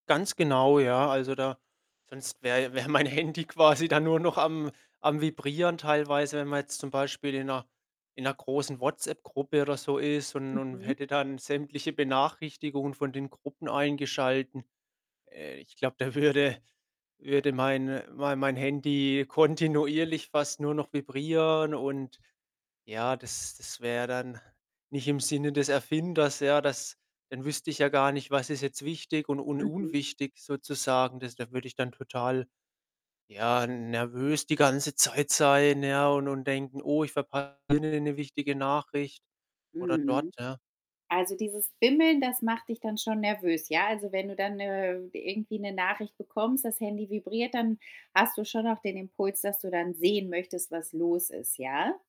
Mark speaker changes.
Speaker 1: Ganz genau, ja. Also, da sonst wäre ja wäre mein Handy quasi dann nur noch am am Vibrieren teilweise, wenn man jetzt zum Beispiel in 'ner in 'ner großen WhatsApp-Gruppe oder so ist und und
Speaker 2: Mhm.
Speaker 1: hätte dann sämtliche Benachrichtigungen von den Gruppen eingeschalten. Äh, ich glaube, da würde würde meine mein mein Handy kontinuierlich fast nur noch vibrieren und ja, das das wär dann nicht im Sinne des Erfinders, ja. Das dann wüsste ich ja gar nicht, was ist jetzt wichtig und un
Speaker 2: Mhm.
Speaker 1: unwichtig sozusagen. Das da würde ich dann total, ja, n nervös die ganze Zeit sein, ja, und und denken: Oh, ich verpasse [unintelligible] 'ne 'ne wichtige Nachricht oder dort,
Speaker 2: Mhm.
Speaker 1: ja.
Speaker 2: Also, dieses Bimmeln, das macht dich dann schon nervös, ja? Also, wenn du dann, äh, irgendwie 'ne Nachricht bekommst, das Handy vibriert, dann hast du schon auch den Impuls, dass du dann sehen möchtest, was los ist, ja?